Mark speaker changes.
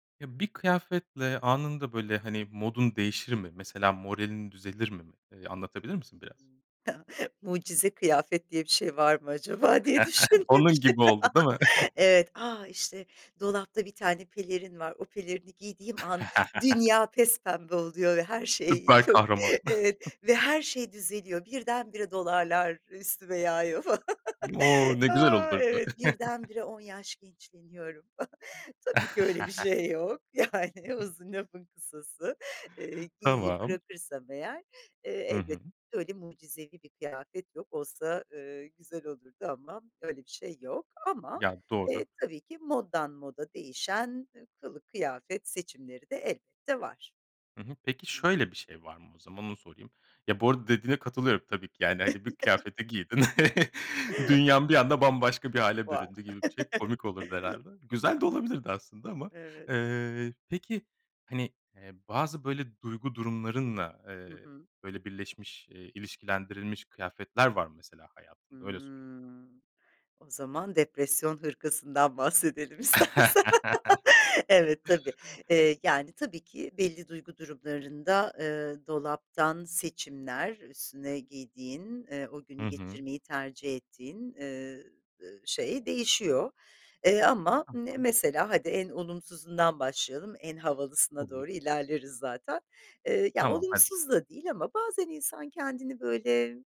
Speaker 1: Ya, bir kıyafetle anında, böyle, hani, modun değişir mi? Mesela moralin düzelir mi mi? Eee, anlatabilir
Speaker 2: Ta
Speaker 1: misin biraz?
Speaker 2: Mucize kıyafet diye bir şey var mı acaba diye düşündüm
Speaker 1: Onun
Speaker 2: şi
Speaker 1: gibi oldu, değil mi?
Speaker 2: Evet. A! İşte dolapta bir tane pelerin var, o pelerini giydiğim an dünya pespembe oluyor ve her şey
Speaker 1: Süper
Speaker 2: çok
Speaker 1: kahraman.
Speaker 2: evet, ve her şey düzeliyor, birdenbire dolarlar üstüme yağıyor falan.
Speaker 1: O! Ne güzel
Speaker 2: Aaa,
Speaker 1: olurdu!
Speaker 2: evet. Birdenbire 10 yaş gençleşiyorum. Tabii ki öyle bir şey yok, yani,
Speaker 1: [unintelligible]
Speaker 2: uzun lafın kısası. Eee, geyiği
Speaker 1: Tamam.
Speaker 2: bırakırsam eğer, eee,
Speaker 1: Hı hı.
Speaker 2: elbette öyle mucizevi bir kıyafet yok olsa, ııı, güzel olurdu ama öyle bir şey yok ama,
Speaker 1: Ya, doğru.
Speaker 2: eee, tabii ki moddan moda değişen, eee, kılık kıyafet seçimleri de elbette var.
Speaker 1: Hı hı. Peki
Speaker 2: Hı hı.
Speaker 1: şöyle bir şey var mı, o zaman onu sorayım. Ya, bu arada dediğine katılıyorum, tabii ki, yani, hani, bir kıyafeti giydin. Dünyan bir anda bambaşka bir hâle
Speaker 2: Va
Speaker 1: büründü gibi bir şey komik olurdu herhâlde. Güzel de
Speaker 2: Hımm.
Speaker 1: olabilirdi aslında ama,
Speaker 2: Evet.
Speaker 1: eee, peki, hani, eee, bazı böyle duygu durumlarınla,
Speaker 2: Hı
Speaker 1: eee,
Speaker 2: hı.
Speaker 1: böyle birleşmiş, eee, ilişkilendirilmiş kıyafetler var mı mesela hayatında? Öyle sorayım.
Speaker 2: Hımm. O zaman, depresyon hırkasından bahsedelim istersen. Evet, tabii, eee, yani, tabii ki, belli duygu durumlarında, ııı, dolaptan seçimler, üstüne giydiğin, eee, o günü
Speaker 1: Hı hı.
Speaker 2: geçirmeyi tercih ettiğin, eee, eee, şey değişiyor, eee, ama, ımm, ne
Speaker 1: Tamam.
Speaker 2: mesela hadi en olumsuzundan başlayalım, en havalısına doğru
Speaker 1: Olur.
Speaker 2: ilerleriz zaten. Eee, ya
Speaker 1: Tamam hadi.
Speaker 2: olumsuz da değil ama bazen insan kendini böyle